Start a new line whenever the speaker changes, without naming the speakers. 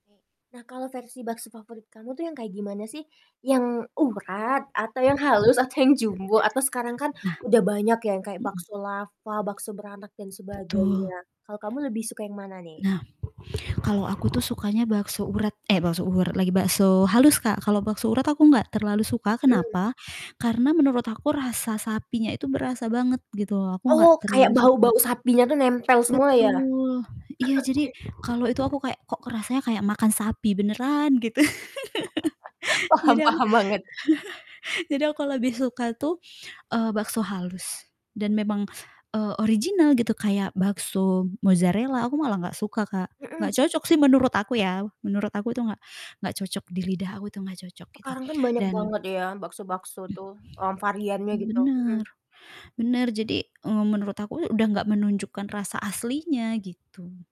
Nah kalau versi bakso favorit kamu tuh yang kayak gimana sih? Yang urat atau yang halus atau yang jumbo atau sekarang kan
Nah.
udah banyak ya kayak
Mhm.
bakso lava, bakso beranak dan
Betul.
sebagainya. Kalau kamu lebih suka yang mana nih?
Nah, kalau aku tuh sukanya bakso urat eh bakso urat lagi, bakso halus Kak, kalau bakso urat aku enggak terlalu suka,
Mmm.
kenapa? Karena menurut aku rasa sapinya itu berasa banget gitu loh aku enggak
Oh
terlalu
kayak
suka.
bau-bau sapinya tuh nempel semua ya?
Betul, iya jadi
Oke.
kalau itu aku kayak, "Kok kerasanya kayak makan sapi beneran gitu."
Paham
Jadi aku
paham banget.
jadi aku lebih suka tuh, eee, bakso halus dan memang, eee, original gitu. Kayak bakso mozarella, aku malah gak suka Kak.
Mhm
Gak
s
cocok sih menurut aku ya, menurut aku tuh gak gak cocok di lidah aku tuh gak cocok gitu
Sekarang kan banyak
dan
banget ya bakso-bakso tuh, mmm, variannya gitu. Mhm.
Bener, bener jadi, eee, menurut aku udah gak menunjukkan rasa aslinya gitu.